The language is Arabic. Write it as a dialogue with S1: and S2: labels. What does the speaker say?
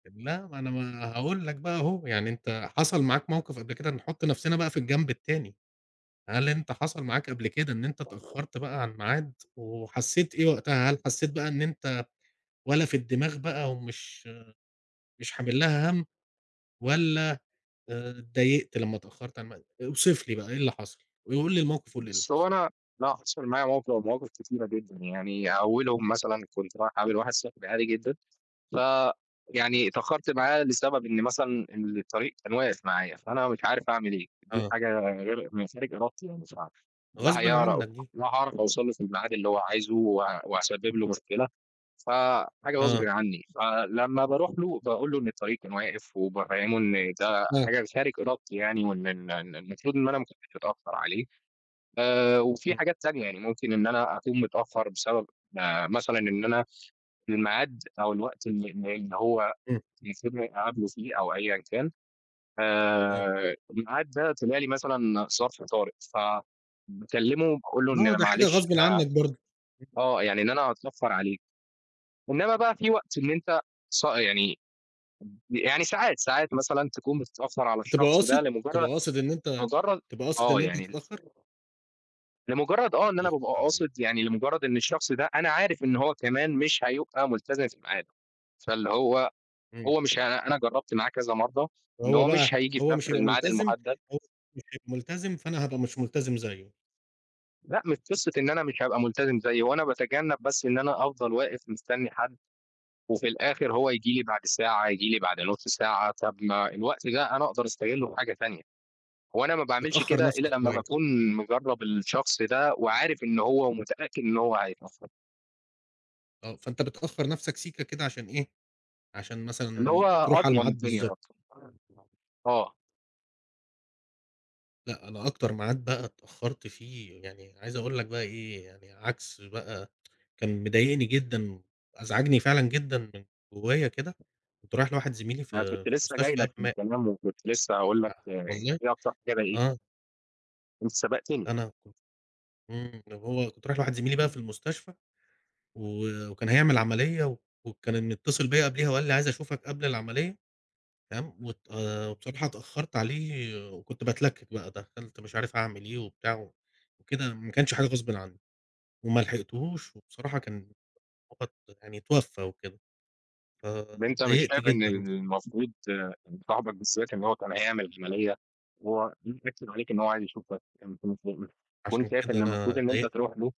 S1: لا ما أنا ما هاقول لك بقى أهو، يعني أنت حصل معاك موقف قبل كده نحط نفسنا بقى في الجنب التاني، هل أنت حصل معاك قبل كده إن أنت
S2: [unintelligible]
S1: اتأخرت بقى على الميعاد، وحسيت إيه وقتها؟ هل حسيت بقى إن أنت ولا في الدماغ بقى ومش مش حامل لها همّ؟
S2: [unintelligible]
S1: والّا آآ، اتضايقت لما اتأخرت عن الميعاد؟ اوصف لي بقى إيه اللي حصل، وقل لي الموقف، وقُل لي إيه اللي
S2: بُصّ،
S1: حصل؟
S2: هو أنا لأ حصل معايا موقف أو مواقف كتيرة جدًا، يعني أولهم مثلًا كنت رايح أقابل واحد صاحبي عادي جدًا، ف يعني اتأخرت معاه لسبب إن مثلًا إن الطريق كان واقف معايا فأنا مش عارف أعمل إيه؟ دي
S1: آه.
S2: حاجة غرق ما هي خارج إرادتي يعني مش عارف لا
S1: غصبًا
S2: هيعر
S1: عنك دي.
S2: لا هاعرف أوصل له في الميعاد اللي هو عايزه و وأسبب له مشكلة ف حاجة غصبٍ
S1: آه.
S2: عني فلما باروح له باقول له إن الطريق كان واقف وبافهمه إن ده
S1: امم.
S2: حاجة خارج إرادتي يعني، وإن إن إن المفروض إن أنا مكنتش أتأخر عليه آآ، وفيه
S1: امم.
S2: حاجات تانية يعني ممكن إن أنا أكون متأخر بسبب آآ، مثلًا إن أنا الميعاد أو الوقت إن إن إن هو
S1: امم.
S2: المفوض إني أقابله فيه أو أيًا كان
S1: آه.
S2: آآ، الميعاد ده طلع لي مثلًا ظرف طارق ف باكلمه باقول له إن
S1: No
S2: أنا
S1: ده حاجة
S2: معلش
S1: غصبًا
S2: أنا
S1: عنك برضو.
S2: آه، يعني إن أنا هاتأخر عليك إنما بقى في وقت إن أنت صا يعني يعني ساعات، ساعات مثلًا تكون متأخر على
S1: بتبقى
S2: الشخص ده
S1: قاصد؟
S2: لمجرد
S1: بتبقى قاصد إن أنت
S2: لمجرد
S1: بتبقى قاصد
S2: آه
S1: إن أنت
S2: يعني.
S1: تتأخر؟
S2: [unintelligible] لمجرد آه إن أنا
S1: أخص
S2: بابقى
S1: عليك!
S2: قاصد، يعني لمجرد إن الشخص ده أنا عارف إن هو كمان مش هيبقى ملتزم في ميعاده، فاللي هو
S1: أيوه.
S2: هو مش ه أنا جربت معاه كذا مرة إن
S1: وهو
S2: هو
S1: بقى
S2: مش هييجي في
S1: هو
S2: نفس
S1: مش هيبقى
S2: الميعاد
S1: ملتزم
S2: المحدد.
S1: هو مش هيبقى ملتزم فأنا هبقى مش ملتزم زيه.
S2: لأ مش قصة إن أنا مش هابقى ملتزم زيه، هوأنا بتجنب بس إن أنا أفضل واقف مستني حد وفي الآخر هو يجي لي بعد ساعة، يجي لي بعد نص ساعة، طَب ما الوقت ده أنا أقدر أستغله في حاجة تانية،
S1: [unintelligible]
S2: وأنا ما باعملش
S1: بتأخر
S2: كده إلا
S1: نفسك
S2: لما
S1: شوية.
S2: باكون مجرب الشخص ده وعارف إن هو ومتأكد إن هو هيتأخر.
S1: آه، فأنت بتأخر نفسك سيكا كده عشان إيه؟ عشان
S2: اللي هو
S1: مثلًا تروح على
S2: أضمن
S1: الميعاد
S2: الدنيا
S1: بالضبط.
S2: أكتر [unintelligible] آه.
S1: لأ أنا أكتر ميعاد بقى اتأخرت فيه، يعني عايز أقول لك بقى إيه يعني عكس بقى، كان مضايقني جدًا وأزعجني فعلًا جدًا من جوايا كده، كنت رايح لواحد زميلي
S2: [unintelligible] أنا
S1: في
S2: كنت
S1: في
S2: لسه
S1: المستشفى
S2: جاي
S1: قام
S2: لك في
S1: مات.
S2: الكلام، وكنت لسه هاقول
S1: أ
S2: لك آآ، أنت
S1: والله،
S2: إيه أكتر حاجة
S1: آه.
S2: ضايقتك؟ أنت سبقتني.
S1: أنا كنت امم، لو هو كنت رايح لواحد زميلي بقى في المستشفى، و وكان هيعمل عملية وكان متصل بيا قبليها وقال لي عايز أشوفك قبل العملية تمام؟ وات آآ، بصراحة اتأخرت عليه وكنت بتلكك بقى دخلت مش عارف أعمل إيه وبتاع وكده ما كانش حاجة غصبٍ عني، وملحقتهوش وبصراحة كان [unintelligible] يعني اتوفى وكده، ف
S2: طَب أنت مش
S1: اتضايقت
S2: شايف إن
S1: جدًا بصراحة.
S2: الـمفروض آآ، صاحبك بال [unintelligible] اللي هو كان هيعمل عملية وهو امم، أكد عليك إن هو عايز يشوفك كان في [unintelligible] كنت
S1: عشان
S2: شايف
S1: كده
S2: إن
S1: أنا
S2: المفروض إن أنت
S1: اتضايقت.
S2: تروح له.